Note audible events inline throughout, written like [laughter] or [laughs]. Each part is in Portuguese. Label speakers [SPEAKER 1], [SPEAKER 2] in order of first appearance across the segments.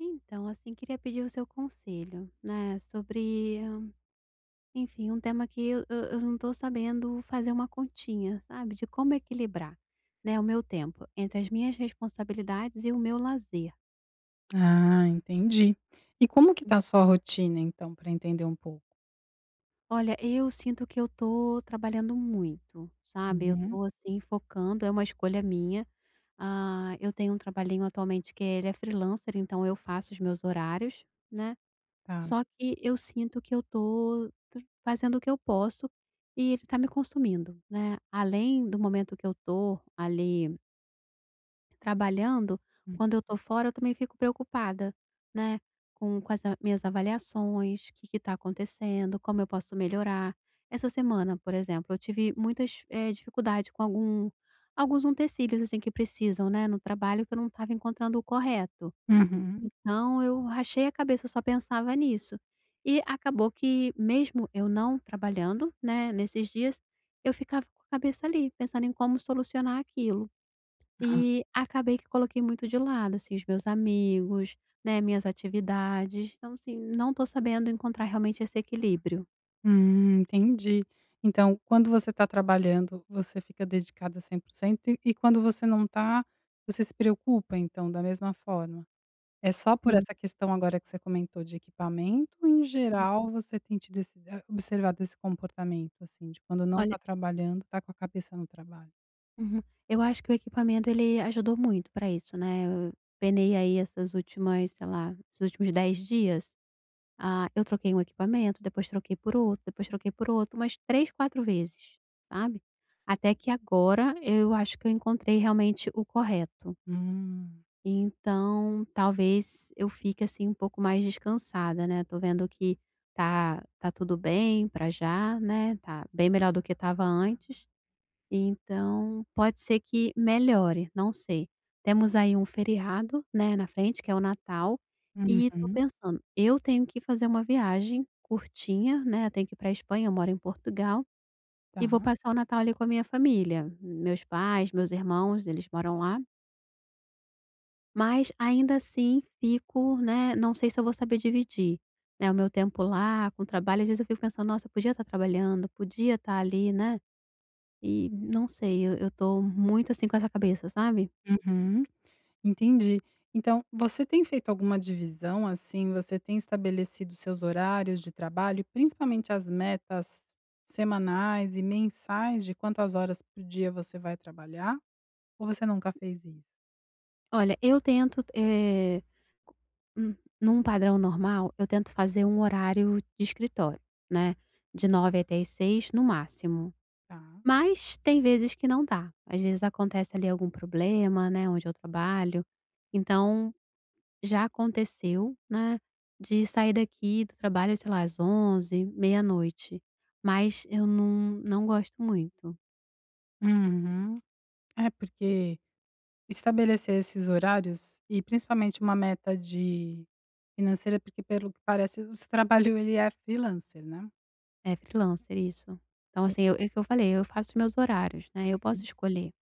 [SPEAKER 1] Então, assim, queria pedir o seu conselho, né, sobre, enfim, um tema que eu eu não tô sabendo fazer uma continha, sabe, de como equilibrar, né, o meu tempo entre as minhas responsabilidades e o meu lazer.
[SPEAKER 2] Ah, entendi, e como que
[SPEAKER 1] Hum.
[SPEAKER 2] tá a sua rotina então, pra entender um pouco?
[SPEAKER 1] Olha, eu sinto que eu tô trabalhando muito, sabe, eu
[SPEAKER 2] Uhum.
[SPEAKER 1] tô, assim, focando, é uma escolha minha, ah, eu tenho um trabalhinho atualmente que ele é freelancer, então eu faço os meus horários, né,
[SPEAKER 2] Ta.
[SPEAKER 1] só que eu sinto que eu tô fazendo o que eu posso e ele está me consumindo, né, além do momento que eu tô ali trabalhando
[SPEAKER 2] Hum.
[SPEAKER 1] quando eu tô fora eu também fico preocupada, né, com com essa minhas avaliações que que tá acontecendo, como eu posso melhorar, essa semana, por exemplo, eu tive muitas, eh, dificuldade com algum alguns utensílios assim que precisam, né, no trabalho que eu não tava encontrando o correto,
[SPEAKER 2] Uhum.
[SPEAKER 1] então eu rachei a cabeça, só pensava nisso, e acabou que mesmo eu não trabalhando, né, nesses dias eu ficava com a cabeça ali pensando em como solucionar aquilo,
[SPEAKER 2] Aham.
[SPEAKER 1] e acabei que coloquei muito de lado, assim, os meus amigos, né, minhas atividades, então, assim, não tô sabendo encontrar realmente esse equilíbrio.
[SPEAKER 2] Hum, entendi, então quando você está trabalhando, você fica dedicada 100%, e e quando você não tá, você se preocupa então da mesma forma, é só por
[SPEAKER 1] Sim.
[SPEAKER 2] essa questão agora que você comentou de equipamento, ou em
[SPEAKER 1] Uhum.
[SPEAKER 2] geral você tem tido esse observado esse comportamento, assim, de quando não
[SPEAKER 1] Olha.
[SPEAKER 2] tá trabalhando, tá com a cabeça no trabalho?
[SPEAKER 1] Uhum, eu acho que o equipamento, ele ajudou muito para isso, né, e e eu penei aí essas últimas sei lá, esses últimos 10 dias? Ah, eu troquei um equipamento, depois troquei por outro, depois troquei por outro umas 3, 4 vezes, sabe? Até que agora eu acho que eu encontrei realmente o correto
[SPEAKER 2] Hum.
[SPEAKER 1] e então talvez eu fique, assim, um pouco mais descansada, né, tô vendo que tá tá tudo bem pra já, né? Tá bem melhor do que tava antes. E então pode ser que melhore, não sei. Temos aí um feriado, né, na frente, que é o Natal e estou
[SPEAKER 2] Uhum.
[SPEAKER 1] pensando, eu tenho que fazer uma viagem curtinha, né, tenho que ir para Espanha. Eu moro em Portugal e vou
[SPEAKER 2] Tá.
[SPEAKER 1] passar o Natal ali com a minha família, meus pais, meus irmãos, eles moram lá mas ainda assim fico, né, não sei se eu vou saber dividir, né, o meu tempo lá com trabalho. Às vezes eu fico pensando: "Nossa, eu podia estar trabalhando, podia estar ali", né, e não sei, eu eu estou muito, assim, com essa cabeça, sabe?
[SPEAKER 2] Uhum, entendi. Então, você tem feito alguma divisão, assim, você tem estabelecido os seus horários de trabalho e principalmente as metas semanais e mensais de quantas horas por dia você vai trabalhar? Ou você nunca fez isso?
[SPEAKER 1] Olha, eu tento, eh, um num padrão normal, eu tento fazer um horário de escritório, né, de 9h até 18h no máximo.
[SPEAKER 2] Tá.
[SPEAKER 1] Mas tem vezes que não dá, às vezes acontece ali algum problema, né, onde eu trabalho. Então, já aconteceu, né, de sair daqui do trabalho, sei lá, às 23h, meia-noite, mas eu não não gosto muito.
[SPEAKER 2] Uhum, é porque estabelecer esses horários e principalmente uma meta de financeira, porque pelo que parece esse trabalho ele é freelancer, né?
[SPEAKER 1] É freelancer, isso, então,
[SPEAKER 2] E.
[SPEAKER 1] assim, o que eu falei, eu faço os meus horários, né, eu posso
[SPEAKER 2] Hum.
[SPEAKER 1] escolher.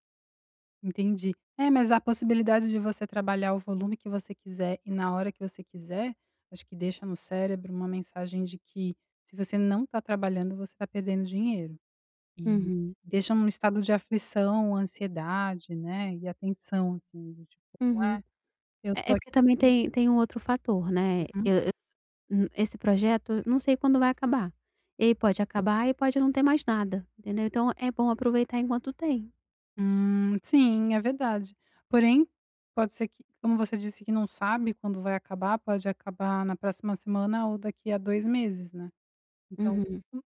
[SPEAKER 2] Entendi, é mas há a possibilidade de você trabalhar o volume que você quiser, e na hora que você quiser, acho que deixa no cérebro uma mensagem de que se você não tá trabalhando você tá perdendo dinheiro, e
[SPEAKER 1] Uhum.
[SPEAKER 2] deixa num estado de aflição, ansiedade, né, e atenção, assim, do tipo:
[SPEAKER 1] Uhum.
[SPEAKER 2] "Ué eu
[SPEAKER 1] É
[SPEAKER 2] tô
[SPEAKER 1] é
[SPEAKER 2] aqui!".
[SPEAKER 1] porque também tem tem um outro fator, né. E
[SPEAKER 2] Uhum.
[SPEAKER 1] e o esse projeto eu não sei quando vai acabar, ele pode acabar e pode não ter mais nada entendeu? Então é bom aproveitar enquanto tem.
[SPEAKER 2] Hum, sim, é verdade, porém, pode ser, como você disse não sabe quando vai acabar, pode acabar na próxima semana ou daqui há 2 meses, né, então,
[SPEAKER 1] Uhum.
[SPEAKER 2] o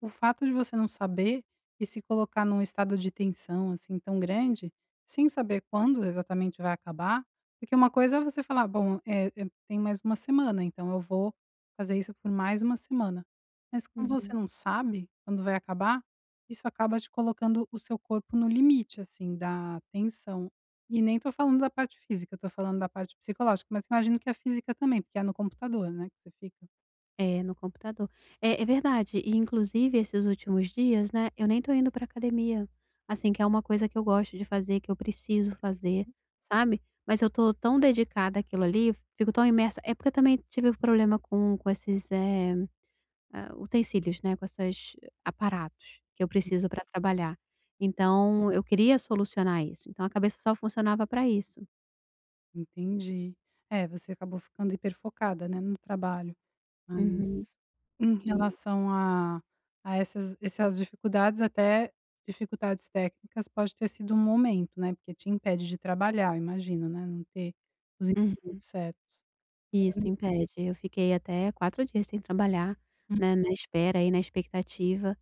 [SPEAKER 2] o fato de você não saber e se colocar num estado de tensão, assim, tão grande, sem saber quando exatamente vai acabar, porque uma coisa é você falar: "Bom, é, tem mais 1 semana então eu vou fazer isso por mais 1 semana", mas como você
[SPEAKER 1] Uhum.
[SPEAKER 2] não sabe quando vai acabar, isso acaba te colocando o seu corpo no limite, assim, da tensão, e nem tô falando da parte física, eu estou falando da parte psicológica, mas imagino que a física também, porque é no computador, né, que você fica?
[SPEAKER 1] É, no computador. É é verdade, e inclusive esses últimos dias, né, eu nem tô indo pra academia, assim, que é uma coisa que eu gosto de fazer, que eu preciso fazer, sabe, mas eu tô tão dedicada àquilo ali, fico tão imersa é porque eu também tive problema com com esses, eh, ah, utensílios, né, com essas aparatos que eu
[SPEAKER 2] Hum.
[SPEAKER 1] preciso pra trabalhar, então eu queria solucionar isso, então a cabeça só funcionava pra isso.
[SPEAKER 2] Entendi. É, você acabou ficando hiper focada, né, no trabalho.
[SPEAKER 1] Uhum.
[SPEAKER 2] Mas, em
[SPEAKER 1] Sim.
[SPEAKER 2] relação a a essas essas dificuldades, até dificuldades técnicas, pode ter sido um momento, né, porque te impede de trabalhar, eu imagino, né, não ter os utensílios
[SPEAKER 1] Uhum.
[SPEAKER 2] certos.
[SPEAKER 1] Isso,
[SPEAKER 2] [unintelligible]
[SPEAKER 1] impede, eu fiquei até 4 dias sem trabalhar,
[SPEAKER 2] Hum.
[SPEAKER 1] né, na espera aí, na expectativa,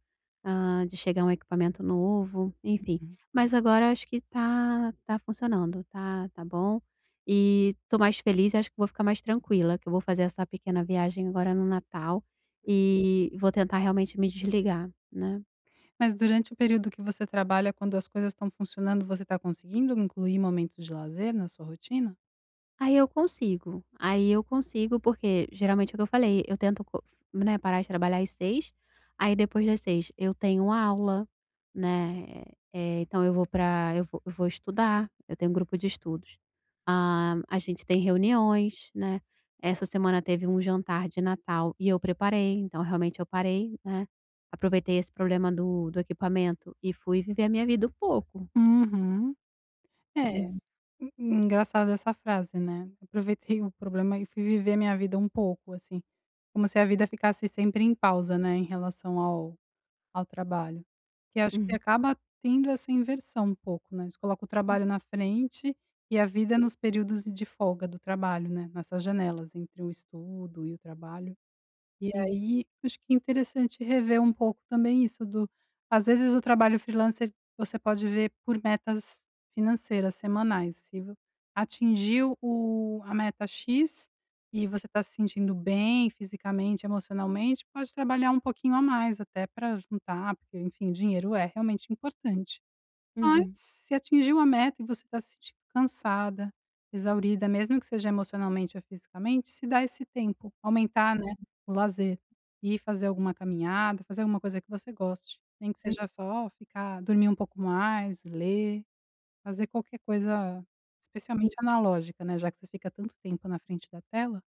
[SPEAKER 1] hã, de chegar um equipamento novo, enfim,
[SPEAKER 2] Uhum.
[SPEAKER 1] mas agora acho que tá tá funcionando, tá tá bom e tô mais feliz, acho que vou ficar mais tranquila, que eu vou fazer essa pequena viagem agora no Natal, e vou tentar realmente me desligar, né.
[SPEAKER 2] Mas durante o período que você trabalha quando as coisas estão funcionando, você tá conseguindo incluir momentos de lazer na sua rotina?
[SPEAKER 1] Aí eu consigo, aí eu consigo, porque geralmente o que eu falei, eu tento co né, parar de trabalhar às 18h, aí depois das 18 h eu tenho aula, né, eh, então eu vou pra eu vou vou estudar, eu tenho grupo de estudos, hã, a gente tem reuniões, né. Essa semana teve um jantar de Natal e eu preparei, então realmente eu parei, né, aproveitei esse problema do do equipamento e fui viver a minha vida um pouco.
[SPEAKER 2] Uhum. É
[SPEAKER 1] Uhum.
[SPEAKER 2] en engraçado essa frase, né, eu aproveitei o problema e fui viver a minha vida um pouco, assim, como se a vida ficasse sempre em pausa, né, em relação ao ao trabalho, que acho que
[SPEAKER 1] Uhum.
[SPEAKER 2] acaba tendo essa inversão um pouco, né, você coloca o
[SPEAKER 1] Hum.
[SPEAKER 2] trabalho na frente e a vida nos períodos de folga do trabalho, né, nessas janelas entre o estudo e o trabalho. E
[SPEAKER 1] Sim.
[SPEAKER 2] aí, acho que é interessante rever um pouco também isso do às vezes o trabalho freelancer, você pode ver por metas financeiras semanais, se atingiu o a meta X e você tá se sentindo bem fisicamente, emocionalmente, pode trabalhar um pouquinho a mais até pra juntar, porque enfim, dinheiro é realmente importante. Mas
[SPEAKER 1] Uhum.
[SPEAKER 2] se atingir uma meta e você está se sentindo cansada, exaurida, mesmo que seja emocionalmente ou fisicamente, se dá esse tempo, aumentar, né,
[SPEAKER 1] Uhum.
[SPEAKER 2] o lazer, e fazer alguma caminhada, fazer alguma coisa que você goste, nem que
[SPEAKER 1] Uhum.
[SPEAKER 2] seja só ficar dormir um pouco mais, ler, fazer qualquer coisa, especialmente
[SPEAKER 1] Sim.
[SPEAKER 2] analógica, né, já que você fica tanto tempo na frente da tela,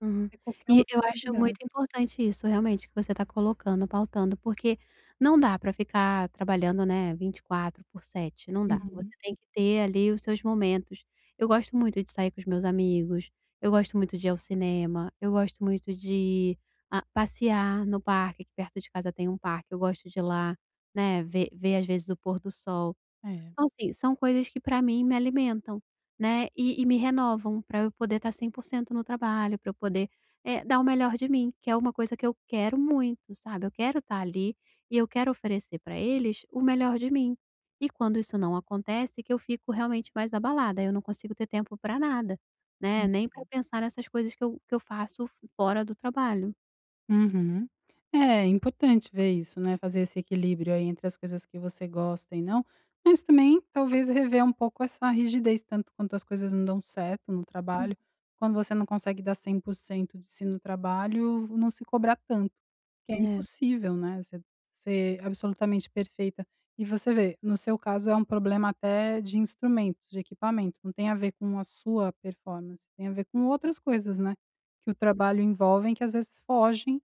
[SPEAKER 1] Uhum.
[SPEAKER 2] é qualquer
[SPEAKER 1] E
[SPEAKER 2] outra
[SPEAKER 1] eu acho muito
[SPEAKER 2] atividade.
[SPEAKER 1] importante isso, realmente, que você está colocando, pautando, porque não dá para ficar trabalhando, né, 24 por 7, não dá, você
[SPEAKER 2] Uhum.
[SPEAKER 1] tem que ter ali os seus momentos. Eu gosto muito de sair com os meus amigos, eu gosto muito de ir ao cinema, eu gosto muito de a passear no parque, aqui perto de casa tem um parque, eu gosto de ir lá, né, ver ver às vezes o pôr do sol.
[SPEAKER 2] É.
[SPEAKER 1] Então, assim, são coisas que pra mim me alimentam, né, e e me renovam pra eu poder tá 100% no trabalho, pra eu poder, eh, dar o melhor de mim, que é uma coisa que eu quero muito, sabe, eu quero tá ali e eu quero oferecer pra eles o melhor de mim, e quando isso não acontece, que eu fico realmente mais abalada, eu não consigo ter tempo pra nada, né,
[SPEAKER 2] Hum.
[SPEAKER 1] nem pra pensar nessas coisas que eu que eu faço fora do trabalho.
[SPEAKER 2] Uhum. É importante ver isso, né, fazer esse equilíbrio aí entre as coisas que você gosta e não, mas também talvez rever um pouco essa rigidez tanto quanto as coisas não dão certo no
[SPEAKER 1] Hum.
[SPEAKER 2] trabalho, quando você não consegue dar 100% de si no trabalho, não se cobrar tanto, que é
[SPEAKER 1] É.
[SPEAKER 2] impossível, né, você ser absolutamente perfeita, e você vê, no seu caso é um problema até de instrumentos, de equipamento, não tem a ver com a sua performance, tem a ver com outras coisas, né, que o trabalho envolvem que às vezes fogem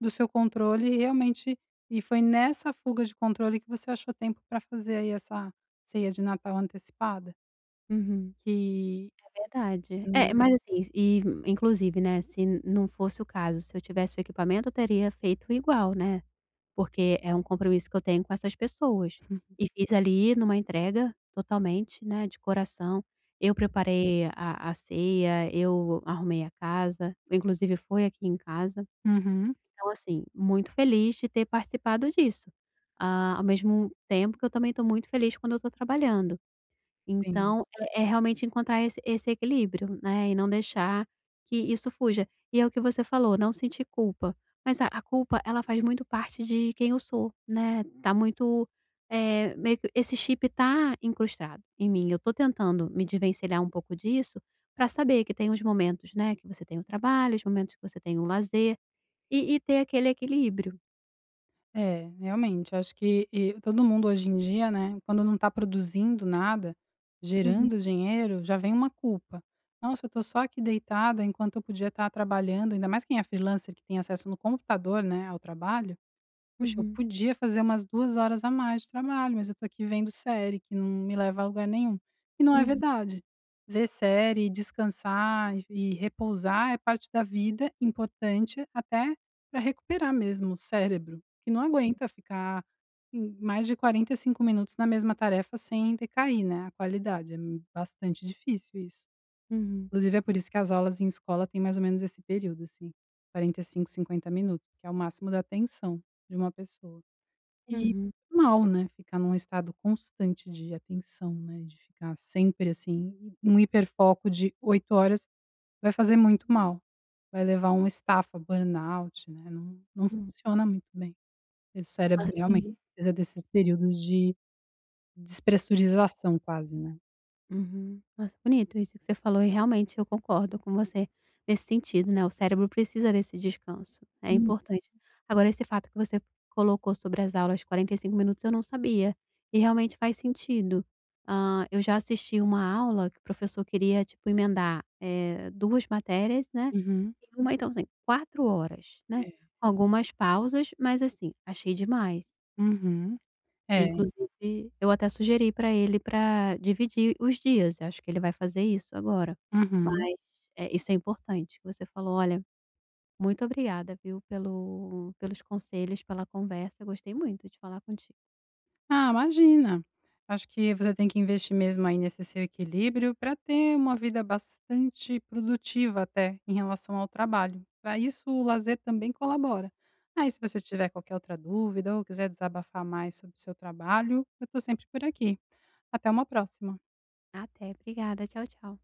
[SPEAKER 2] do seu controle e realmente, e foi nessa fuga de controle que você achou tempo pra fazer aí essa ceia de Natal antecipada.
[SPEAKER 1] Uhum.
[SPEAKER 2] Que,
[SPEAKER 1] É verdade. É,
[SPEAKER 2] hum.
[SPEAKER 1] mas, assim, e inclusive, né, se não fosse o caso, se eu tivesse o equipamento, teria feito igual, né, porque é um compromisso que eu tenho com essas pessoas,
[SPEAKER 2] [laughs]
[SPEAKER 1] e fiz ali numa entrega totalmente, né, de coração, eu preparei a a ceia, eu arrumei a casa, inclusive foi aqui em casa,
[SPEAKER 2] Uhum.
[SPEAKER 1] então, assim, muito feliz de ter participado disso, ah, ao mesmo tempo que eu também tô muito feliz quando eu tô trabalhando.
[SPEAKER 2] Sim.
[SPEAKER 1] Então é é realmente encontrar esse esse equilíbrio, né, e não deixar que isso fuja, e é o que você falou, não sentir culpa, mas a a culpa, ela faz muito parte de quem eu sou, né, tá muito, eh, meio esse chip tá incrustado em mim, eu tô tentando me desvencilhar um pouco disso, pra saber que tem os momentos, né, que você tem o trabalho, os momentos que você tem o lazer, e e ter aquele equilíbrio.
[SPEAKER 2] É, realmente. Acho que e todo mundo hoje em dia, né, quando não tá produzindo nada,
[SPEAKER 1] Uhum.
[SPEAKER 2] gerando dinheiro, já vem uma culpa: "Nossa, eu tô só aqui deitada enquanto eu podia estar trabalhando". Ainda mais quem é freelancer, que tem acesso no computador, né, ao trabalho, "poxa, eu
[SPEAKER 1] Uhum.
[SPEAKER 2] podia fazer umas 2 horas a mais de trabalho mas eu tô aqui vendo série que não me leva a lugar nenhum". E não é
[SPEAKER 1] Uhum.
[SPEAKER 2] verdade. Ver série e descansar e e repousar é parte da vida, importante, até pra recuperar mesmo o cérebro, porque não aguenta ficar em mais de 45 minutos na mesma tarefa sem decair, né? A qualidade, é bastante difícil isso.
[SPEAKER 1] Uhum.
[SPEAKER 2] Inclusive, é por isso que as aulas em escola têm mais ou menos esse período assim, 45, 50 minuto, que é o máximo da atenção de uma pessoa. E,
[SPEAKER 1] Uhum.
[SPEAKER 2] mal, né, ficar num estado constante de atenção, né, de ficar sempre, assim, num hiperfoco de 8 horas vai fazer muito mal, vai levar a um estafa, burnout, né, não não
[SPEAKER 1] Hum.
[SPEAKER 2] funciona muito bem, e o cérebro
[SPEAKER 1] Ai,
[SPEAKER 2] realmente
[SPEAKER 1] uhum.
[SPEAKER 2] precisa desses períodos de despressurização quase, né.
[SPEAKER 1] Uhum, negócio bonito isso que você falou e realmente eu concordo com você nesse sentido, né, o cérebro precisa desse descanso, é
[SPEAKER 2] Hum.
[SPEAKER 1] importante agora, esse fato que você colocou sobre as aulas de 45 minutos eu não sabia, e realmente faz sentido, hã, eu já assisti uma aula que o professor queria tipo emendar, eh, 2 matérias, né,
[SPEAKER 2] Uhum.
[SPEAKER 1] uma então assim, 4 horas, né,
[SPEAKER 2] É.
[SPEAKER 1] algumas pausas mas, assim, achei demais.
[SPEAKER 2] Uhum,
[SPEAKER 1] Eh,
[SPEAKER 2] é.
[SPEAKER 1] inclusive eu até sugeri para ele para dividir os dias, eu acho que ele vai fazer isso agora,
[SPEAKER 2] Uhum.
[SPEAKER 1] mas é, isso é importante o que você falou, olha, muito obrigada, viu, pelo pelos conselhos, pela conversa gostei muito de falar contigo.
[SPEAKER 2] Ah, imagina, acho que você tem que investir mesmo aí nesse seu equilíbrio, para ter uma vida bastante produtiva até, em relação ao trabalho, pra isso o lazer também colabora. Aí se você tiver qualquer outra dúvida, ou quiser desabafar mais sobre o seu trabalho, eu estou sempre por aqui. Até uma próxima.
[SPEAKER 1] Até, obrigada, tchau, tchau.